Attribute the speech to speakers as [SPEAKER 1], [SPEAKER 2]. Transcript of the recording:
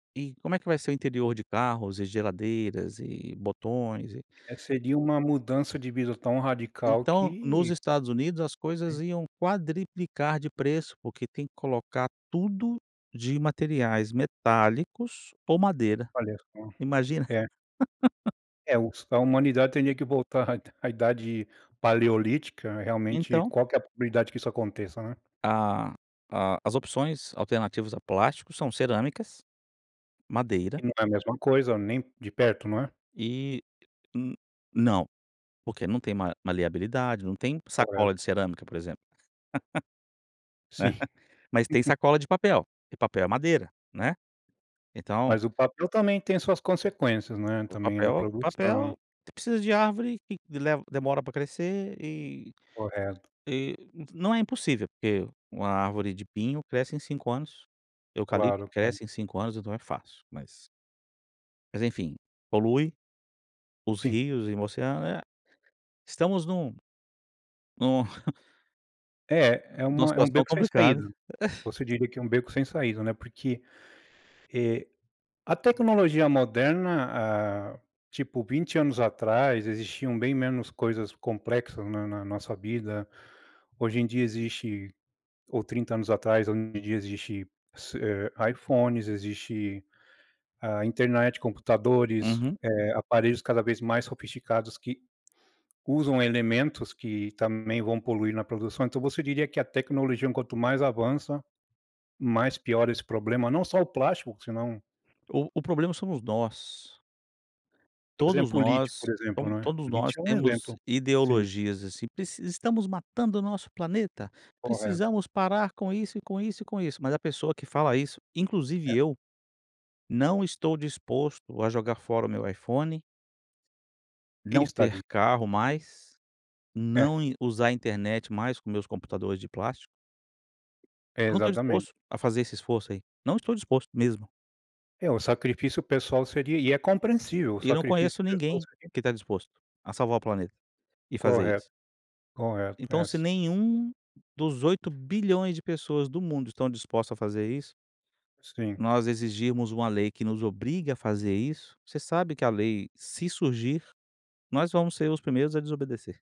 [SPEAKER 1] E como é que vai ser o interior de carros e geladeiras e botões e
[SPEAKER 2] É, seria uma mudança de vida tão radical
[SPEAKER 1] Então, nos
[SPEAKER 2] que
[SPEAKER 1] Estados Unidos as coisas iam quadruplicar de preço, porque tem que colocar tudo de materiais metálicos ou madeira,
[SPEAKER 2] Olha só.
[SPEAKER 1] imagina.
[SPEAKER 2] É. É, os que a humanidade teria que voltar à Idade Paleolítica. Realmente,
[SPEAKER 1] Então
[SPEAKER 2] qual que é a probabilidade que isso aconteça, né?
[SPEAKER 1] A a as opções alternativas a plásticos são cerâmicas, madeira
[SPEAKER 2] E não é a mesma coisa, nem de perto, não é?
[SPEAKER 1] e n não, porque não tem ma maleabilidade. Não tem sacola
[SPEAKER 2] Correto.
[SPEAKER 1] de cerâmica por exemplo, né.
[SPEAKER 2] Sim.
[SPEAKER 1] Mas tem sacola de papel, e papel é madeira, né, então
[SPEAKER 2] Mas o papel também tem suas consequências, né,
[SPEAKER 1] O
[SPEAKER 2] também na
[SPEAKER 1] papel
[SPEAKER 2] produção,
[SPEAKER 1] papel,
[SPEAKER 2] né.
[SPEAKER 1] precisa de árvore que leva demora para crescer e
[SPEAKER 2] Correto.
[SPEAKER 1] e não é impossível, porque uma árvore de pinho cresce em 5 anos, eucalipto
[SPEAKER 2] Claro, tá.
[SPEAKER 1] cresce em 5 anos, então é fácil, mas mas enfim, polui os
[SPEAKER 2] Sim.
[SPEAKER 1] rios e o oceano. É, estamos num num
[SPEAKER 2] É, é
[SPEAKER 1] numa
[SPEAKER 2] uma é um
[SPEAKER 1] situação
[SPEAKER 2] beco sem
[SPEAKER 1] complicada.
[SPEAKER 2] saída. Você diria que é um beco sem saída, né, porque, eh, a tecnologia moderna, hã, tipo 20 anos atrás existiam bem menos coisas complexas na na nossa vida. Hoje em dia existe ou 30 anos atrás, onde existe, ce eh, iPhones, existe a internet, computadores,
[SPEAKER 1] Uhum.
[SPEAKER 2] eh, aparelhos cada vez mais sofisticados que usam elementos que também vão poluir na produção. Então você diria que a tecnologia, quanto mais avança, mais piora esse problema, não só o plástico que senão
[SPEAKER 1] O o problema somos nós.
[SPEAKER 2] Por
[SPEAKER 1] Todos
[SPEAKER 2] exemplo, o lítio, por
[SPEAKER 1] nós
[SPEAKER 2] exemplo,
[SPEAKER 1] to
[SPEAKER 2] né,
[SPEAKER 1] todos
[SPEAKER 2] o
[SPEAKER 1] nós
[SPEAKER 2] lítio é um
[SPEAKER 1] temos
[SPEAKER 2] exemplo, sim.
[SPEAKER 1] ideologias assim, preci "Estamos matando o nosso planeta,
[SPEAKER 2] Correto.
[SPEAKER 1] precisamos parar com isso, e com isso, e com isso". Mas a pessoa que fala isso, inclusive
[SPEAKER 2] É.
[SPEAKER 1] eu, não estou disposto a jogar fora o meu iPhone
[SPEAKER 2] Quem
[SPEAKER 1] não
[SPEAKER 2] está
[SPEAKER 1] ter
[SPEAKER 2] ali?
[SPEAKER 1] carro mais,
[SPEAKER 2] É.
[SPEAKER 1] não in usar internet mais com meus computadores de plástico
[SPEAKER 2] É,
[SPEAKER 1] eu não estou
[SPEAKER 2] exatamente.
[SPEAKER 1] disposto a fazer esse esforço aí, não estou disposto mesmo.
[SPEAKER 2] É, o sacrifício pessoal seria e é compreensível, o
[SPEAKER 1] E não
[SPEAKER 2] sacrifício
[SPEAKER 1] conheço
[SPEAKER 2] pessoal
[SPEAKER 1] ninguém
[SPEAKER 2] seria
[SPEAKER 1] que tá disposto a salvar o planeta e fazer
[SPEAKER 2] Correto,
[SPEAKER 1] isso.
[SPEAKER 2] correto,
[SPEAKER 1] Então se
[SPEAKER 2] essa
[SPEAKER 1] nenhum dos 8.000.000.000 de pessoas do mundo estão dispostas a fazer isso
[SPEAKER 2] Sim.
[SPEAKER 1] nós exigirmos uma lei que nos obrigue a fazer isso, você sabe que a lei se surgir, nós vamos ser os primeiros a desobedecer.